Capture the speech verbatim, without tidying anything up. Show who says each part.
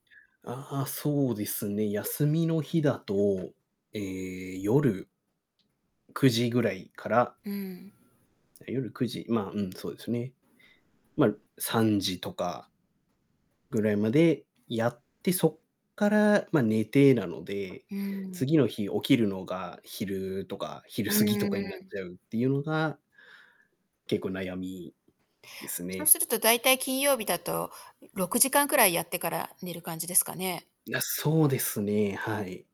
Speaker 1: ああ、そうですね。休みの日だと、ええ、夜くじぐらいから
Speaker 2: うん。
Speaker 1: 夜くじ、ま、うん、そうですね。ま、さんじとかぐらいまでやって、そっから、まあ、寝てなので、
Speaker 2: うん。
Speaker 1: 次の日起きるのが昼とか、昼
Speaker 2: う
Speaker 1: 過ぎと
Speaker 2: ん
Speaker 1: かになっ
Speaker 2: うん。
Speaker 1: ちゃうっていうのが結構悩みです
Speaker 2: そう
Speaker 1: ね。
Speaker 2: するとだいたい金曜日だとろくじかんくらいやってから寝る感じですかね？
Speaker 1: いや、そうですね。はい。